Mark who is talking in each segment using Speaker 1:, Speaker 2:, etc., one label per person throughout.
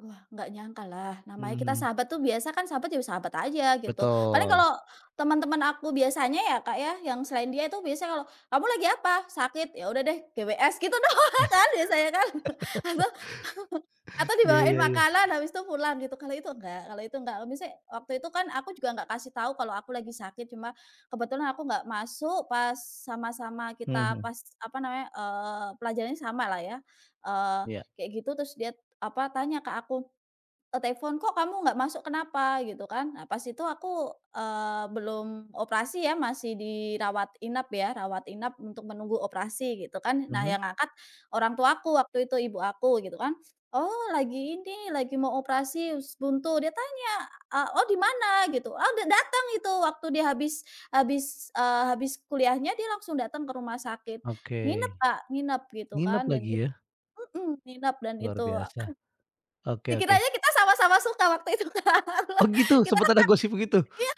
Speaker 1: Wah, enggak nyangkalah, namanya kita
Speaker 2: Mhm.
Speaker 1: sahabat tuh biasa kan sahabat jadi sahabat aja gitu. Paling
Speaker 2: Betul.
Speaker 1: kalau teman-teman aku biasanya ya, Kak, ya, yang selain dia itu biasanya kalau, "Kamu lagi apa? Sakit? Ya udah deh, GWS," gitu doang
Speaker 2: Nah
Speaker 1: kan biasanya, kan atau atau
Speaker 2: ya
Speaker 1: dibawain
Speaker 2: ya ya.
Speaker 1: makanan habis tuh pulang gitu. Kalau itu enggak kalau itu enggak. Misalnya waktu itu kan aku juga nggak kasih tahu kalau aku lagi sakit, cuma kebetulan aku nggak masuk pas sama-sama kita,
Speaker 2: Mhm.
Speaker 1: pas apa namanya eee, pelajarannya sama lah ya, eee,
Speaker 2: Iya.
Speaker 1: kayak gitu. Terus dia apa tanya ke aku lewat telepon, "Kok kamu nggak masuk, kenapa?" gitu kan. Nah, pas itu aku, eee, belum operasi, ya masih dirawat inap, ya rawat inap untuk menunggu operasi gitu kan. Nah,
Speaker 2: Mhm.
Speaker 1: yang ngangkat orang tua aku waktu itu ibu aku gitu kan, “Oh, lagi ini, lagi mau operasi usus buntu." Dia tanya, “Eh Oh, di mana?” Gitu. Oh, dateng itu waktu dia habis habis, eee, habis kuliahnya dia langsung datang ke rumah sakit. Nginep,
Speaker 2: Oke.
Speaker 1: Kak. Nginep gitu
Speaker 2: Nginap
Speaker 1: kan, dan itu
Speaker 2: lagi ya?
Speaker 1: mhm, nginep. Dan
Speaker 2: Luar
Speaker 1: itu
Speaker 2: biasa,
Speaker 1: apan
Speaker 2: oke oke.
Speaker 1: dikiranya kita sama-sama suka waktu itu, Kak.
Speaker 2: Oh gitu?
Speaker 1: Kita
Speaker 2: Sempet
Speaker 1: kan ta
Speaker 2: ada gosip begitu?
Speaker 1: iya.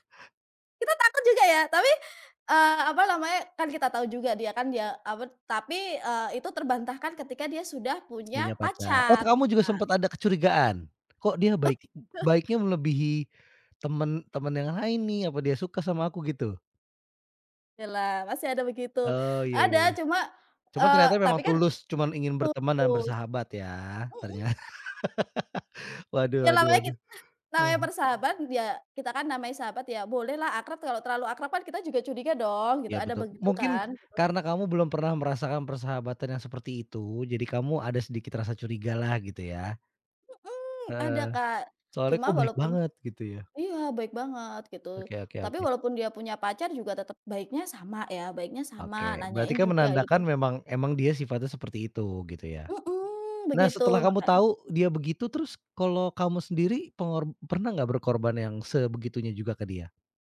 Speaker 1: Kita takut juga ya, tapi, eee, apa namanya kan kita tahu juga dia kan, ya apa tuh tapi, eee, itu terbantahkan ketika dia sudah
Speaker 2: Punya
Speaker 1: punya
Speaker 2: pacar. Oh, t
Speaker 1: pacar,
Speaker 2: kamu juga
Speaker 1: Kak.
Speaker 2: sempat ada kecurigaan? Kok dia baik b baiknya melebihi teman teman yang lain nih apa dia suka sama aku gitu?
Speaker 1: Ya lah masih ada begitu.
Speaker 2: Oh iya
Speaker 1: Ada
Speaker 2: iya iya.
Speaker 1: cuma,
Speaker 2: Cuma
Speaker 1: eee,
Speaker 2: ternyata
Speaker 1: tapi
Speaker 2: memang
Speaker 1: kan
Speaker 2: tulus, cuma ingin berteman dan
Speaker 1: putus,
Speaker 2: bersahabat ya,
Speaker 1: mhm.
Speaker 2: ternyata. Waduh
Speaker 1: Ya,
Speaker 2: waduh
Speaker 1: namanya
Speaker 2: waduh
Speaker 1: kita namanya
Speaker 2: mhm.
Speaker 1: bersahabat ya kita kan namanya sahabat, ya bolehlah akrab. Kalau terlalu akrab kan kita juga curiga dong, gitu
Speaker 2: Iya,
Speaker 1: ada
Speaker 2: betul.
Speaker 1: begitu
Speaker 2: Mungkin
Speaker 1: kan?
Speaker 2: karena kamu belum pernah merasakan persahabatan yang seperti itu, jadi kamu ada sedikit rasa curigalah, gitu ya?
Speaker 1: Mhm, ada,
Speaker 2: Heeh.
Speaker 1: Kak.
Speaker 2: Soalnya
Speaker 1: Cuma
Speaker 2: kok baik
Speaker 1: walaupun
Speaker 2: banget gitu ya?
Speaker 1: iya, baik banget gitu.
Speaker 2: Oke oke
Speaker 1: Tapi
Speaker 2: oke.
Speaker 1: walaupun dia punya pacar juga tetap baiknya sama ya baiknya sama,
Speaker 2: Oke,
Speaker 1: nanyain
Speaker 2: berarti kan
Speaker 1: juga gitu.
Speaker 2: menandakan memang memang dia sifatnya seperti itu gitu ya?
Speaker 1: Mhm,
Speaker 2: Nah,
Speaker 1: begitu
Speaker 2: setelah kamu
Speaker 1: makanya.
Speaker 2: tahu dia begitu, terus, kalau kamu sendiri pengor pernah nggak berkorban yang sebegitunya juga ke dia?